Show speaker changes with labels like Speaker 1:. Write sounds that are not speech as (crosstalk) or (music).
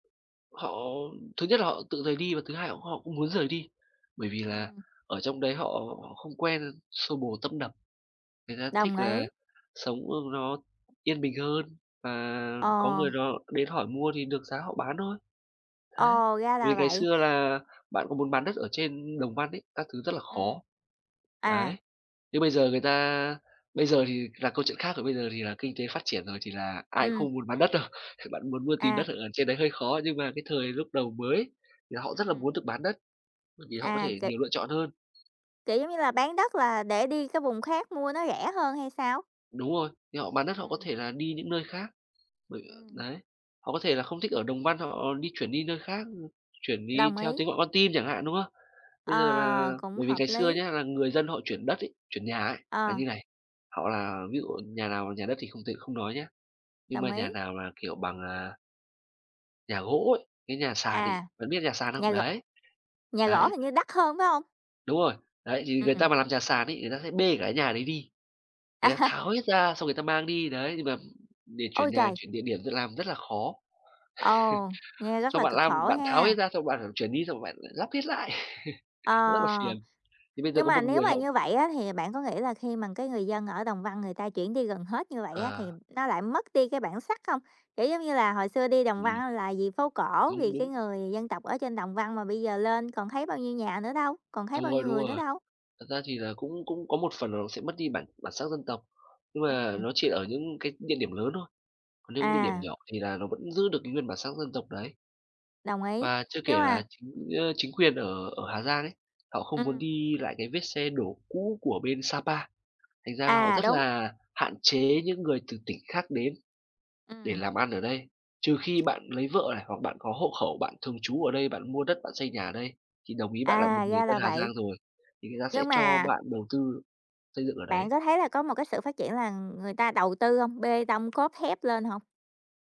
Speaker 1: Họ thứ nhất là họ tự rời đi và thứ hai họ họ cũng muốn rời đi. Bởi vì là
Speaker 2: Ừm.
Speaker 1: ở trong đấy họ họ không quen xô bồ tấp nập. Người ta thích
Speaker 2: Đồng
Speaker 1: là
Speaker 2: ý.
Speaker 1: sống, ơ, nó yên bình hơn và có
Speaker 2: Ờ.
Speaker 1: người đó đến hỏi mua thì được giá họ bán thôi. Đấy,
Speaker 2: Ờ, ra là
Speaker 1: vì ngày
Speaker 2: vậy.
Speaker 1: xưa là bạn có muốn bán đất ở trên Đồng Văn ấy, các thứ rất là
Speaker 2: Ừm.
Speaker 1: khó. Đấy.
Speaker 2: À.
Speaker 1: Nhưng bây giờ người ta bây giờ thì là câu chuyện khác rồi, bây giờ thì là kinh tế phát triển rồi thì là ai cũng
Speaker 2: Ừm.
Speaker 1: không muốn bán đất đâu. Bạn muốn mua, tìm
Speaker 2: À.
Speaker 1: đất ở trên đấy hơi khó, nhưng mà cái thời lúc đầu mới thì họ rất là
Speaker 2: Ừm.
Speaker 1: muốn được bán đất, bởi vì họ có
Speaker 2: À,
Speaker 1: thể
Speaker 2: kiểu
Speaker 1: nhiều lựa chọn hơn.
Speaker 2: kiểu giống như là, bán đất là để đi cái vùng khác mua nó rẻ hơn hay sao?
Speaker 1: Đúng rồi, thì họ bán đất họ có
Speaker 2: Ừm.
Speaker 1: thể là đi những nơi khác, bởi ờ,
Speaker 2: Ừm.
Speaker 1: đấy, họ có thể là không thích ở Đồng Văn, họ họ đi chuyển đi nơi khác, ư, chuyển đi
Speaker 2: Đồng
Speaker 1: theo
Speaker 2: ý.
Speaker 1: tiếng gọi con tim chẳng hạn, đúng không? Bây giờ
Speaker 2: Ờ,
Speaker 1: là
Speaker 2: cũng
Speaker 1: bởi vì
Speaker 2: hợp
Speaker 1: ngày xưa
Speaker 2: lý.
Speaker 1: nhá, là người dân họ chuyển đất ấy, chuyển nhà ấy là
Speaker 2: Ờ.
Speaker 1: như này, họ là ví dụ nhà nào nhà đất thì không tính không nói nhá, nhưng
Speaker 2: Đồng
Speaker 1: mà
Speaker 2: ý.
Speaker 1: nhà nào là, kiểu, bằng, à nhà gỗ ấy, cái nhà sàn ấy,
Speaker 2: À,
Speaker 1: bạn biết nhà sàn không?
Speaker 2: nhà g
Speaker 1: Đấy,
Speaker 2: nhà gỗ
Speaker 1: đấy.
Speaker 2: hình như đắt hơn, phải không?
Speaker 1: Đúng rồi. Đấy, thì người ta
Speaker 2: Ừm.
Speaker 1: mà làm nhà sàn ấy, người ta sẽ bê cả cái nhà đấy đi. Người ta
Speaker 2: À!
Speaker 1: tháo hết ra xong người ta mang đi, đấy, nhưng mà để chuyển
Speaker 2: Ôi
Speaker 1: nhà,
Speaker 2: trời!
Speaker 1: chuyển địa điểm d làm rất là khó. (laughs)
Speaker 2: Ồ, nghe rất
Speaker 1: Xong
Speaker 2: là
Speaker 1: bạn
Speaker 2: cực
Speaker 1: lam
Speaker 2: khổ
Speaker 1: bạn tháo
Speaker 2: ha.
Speaker 1: hết ra xong bạn phải chuyển đi xong bạn lắp hết lại. (laughs) Nó rất là
Speaker 2: Ờ,
Speaker 1: phiền. Thì bây giờ
Speaker 2: nhưng
Speaker 1: có
Speaker 2: mà
Speaker 1: một
Speaker 2: nếu
Speaker 1: người
Speaker 2: mà
Speaker 1: họ
Speaker 2: như vậy á thì bạn có nghĩ là khi mà cái người dân ở Đồng Văn người ta chuyển đi gần hết như vậy á thì
Speaker 1: Ờ.
Speaker 2: nó lại mất đi cái bản sắc không? Kiểu giống như là, hồi xưa đi Đồng Văn
Speaker 1: Ừm.
Speaker 2: á là vì phố cổ,
Speaker 1: Đúng,
Speaker 2: vì cái
Speaker 1: đúng.
Speaker 2: người dân tộc ở trên Đồng Văn, mà bây giờ lên còn thấy bao nhiêu nhà nữa đâu, còn thấy
Speaker 1: Đúng
Speaker 2: bao
Speaker 1: rồi,
Speaker 2: nhiêu
Speaker 1: đúng
Speaker 2: người nữa
Speaker 1: rồi.
Speaker 2: đâu?
Speaker 1: Thật ra thì là cũng cũng có một phần là nó sẽ mất đi bản bản sắc dân tộc, nhưng mà
Speaker 2: Ừm.
Speaker 1: nó chỉ ở những cái địa điểm lớn thôi. Còn những địa điểm
Speaker 2: À.
Speaker 1: nhỏ thì là nó vẫn giữ được cái nguyên bản sắc dân tộc đấy.
Speaker 2: Đồng ý,
Speaker 1: Và chưa
Speaker 2: nhưng
Speaker 1: kể
Speaker 2: mà
Speaker 1: là chính, ơ, chính quyền ở ở Hà Giang ấy, họ không muốn
Speaker 2: Ừm.
Speaker 1: đi lại cái vết xe đổ cũ của bên Sa Pa. Thành ra là họ
Speaker 2: À,
Speaker 1: rất
Speaker 2: đúng.
Speaker 1: là hạn chế những người từ tỉnh khác đến để
Speaker 2: Ừm.
Speaker 1: làm ăn ở đây, trừ khi bạn lấy vợ này hoặc bạn có hộ khẩu, bạn thường trú ở đây, bạn mua đất, bạn xây nhà ở đây, thì đồng ý bạn là một
Speaker 2: À,
Speaker 1: người
Speaker 2: ra
Speaker 1: dân
Speaker 2: là
Speaker 1: Hà
Speaker 2: vậy.
Speaker 1: Giang rồi, thì người ta sẽ
Speaker 2: Nhưng
Speaker 1: cho
Speaker 2: mà
Speaker 1: bạn đầu tư xây dựng ở đấy.
Speaker 2: Bạn có thấy là có một cái sự phát triển là người ta đầu tư hông, bê tông cốt thép lên hông?